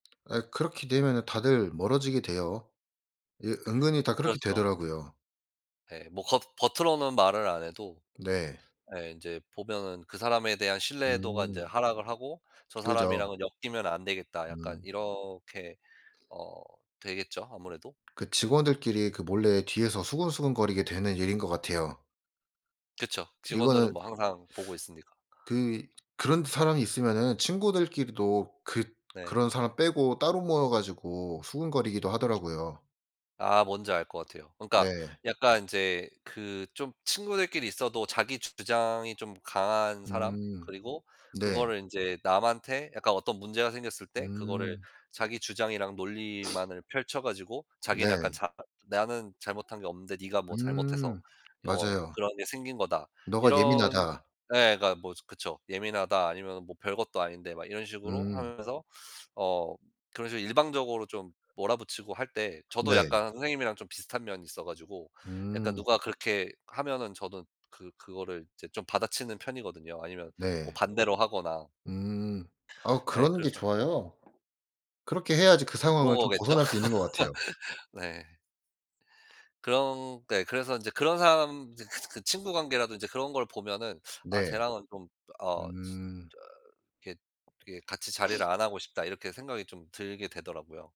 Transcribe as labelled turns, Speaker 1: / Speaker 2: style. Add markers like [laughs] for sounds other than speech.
Speaker 1: 예 그렇게 되면은 다들 멀어지게 돼요. 이게 은근히 다 그렇게
Speaker 2: 그렇죠.
Speaker 1: 되더라고요.
Speaker 2: 예 뭐 겉 겉으로는 말을 안 해도
Speaker 1: 네.
Speaker 2: 예 인제 보면은 그 사람에 대한 신뢰도가 인제
Speaker 1: 음.
Speaker 2: 하락을 하고 '저
Speaker 1: 그죠.
Speaker 2: 사람이랑은 엮이면 안 되겠다.' 약간
Speaker 1: 음.
Speaker 2: 이렇게 어 되겠죠, 아무래도.
Speaker 1: 그 직원들끼리 그 몰래 뒤에서 수근수근거리게 되는 일인 것 같아요.
Speaker 2: 그쵸. 직원들은
Speaker 1: 이거는
Speaker 2: 뭐 항상 보고 있으니까.
Speaker 1: 그 그런 사람이 있으면은 친구들끼리도 그
Speaker 2: 네.
Speaker 1: 그런 사람 빼고 따로 모여 가지고 수군거리기도 하더라고요.
Speaker 2: 아 뭔지 알 것 같아요. 그러니까
Speaker 1: 네.
Speaker 2: 약간 인제 그 좀 친구들끼리 있어도 자기주장이 좀 강한 사람
Speaker 1: 음.
Speaker 2: 그리고
Speaker 1: 네.
Speaker 2: 그거를 인제 남한테 약간 어떤 문제가 생겼을 때 그거를
Speaker 1: 음.
Speaker 2: 자기주장이랑
Speaker 1: [sniffs]
Speaker 2: 논리만을 펼쳐 가지고 자기는 약간
Speaker 1: 네.
Speaker 2: 자 "나는 잘못한 게 없는데 네가 뭐 잘못해서
Speaker 1: 음
Speaker 2: 어
Speaker 1: 맞아요.
Speaker 2: 그런 게 생긴 거다."
Speaker 1: 너가
Speaker 2: 이런
Speaker 1: 예민하다.
Speaker 2: 예 그러니까 뭐 그쵸. "예민하다 아니면은 뭐 별것도 아닌데." 막 이런 식으로
Speaker 1: 음.
Speaker 2: 하면서 어 그런 식으로 일방적으로 좀 몰아 붙이고 할 때 저도
Speaker 1: 네.
Speaker 2: 약간 선생님이랑 좀 비슷한 면이 있어 가지고 약간
Speaker 1: 음.
Speaker 2: 누가 그렇게 하면은 저도 그 그거를 이제 좀 받아치는 편이거든요 아니면 뭐
Speaker 1: 네.
Speaker 2: 반대로 하거나.
Speaker 1: 음. 네. 아
Speaker 2: 예
Speaker 1: 그러는 게
Speaker 2: 그래서
Speaker 1: 좋아요. 그렇게 해야지 그
Speaker 2: 그런
Speaker 1: 상황을 좀
Speaker 2: 거겠죠?
Speaker 1: 벗어날 수 있는 것 같아요.
Speaker 2: [laughs] 네. 그런 네 그래서 인제 그런 사람 인제 그 그 친구 관계라도 이제 그런 걸 보면은 '아
Speaker 1: 네.
Speaker 2: 쟤랑은 좀 어 진짜
Speaker 1: 음.
Speaker 2: 이렇게, 이렇게 같이 자리를
Speaker 1: [sniffs]
Speaker 2: 안 하고 싶다.' 이렇게 생각이 좀 들게 되더라고요.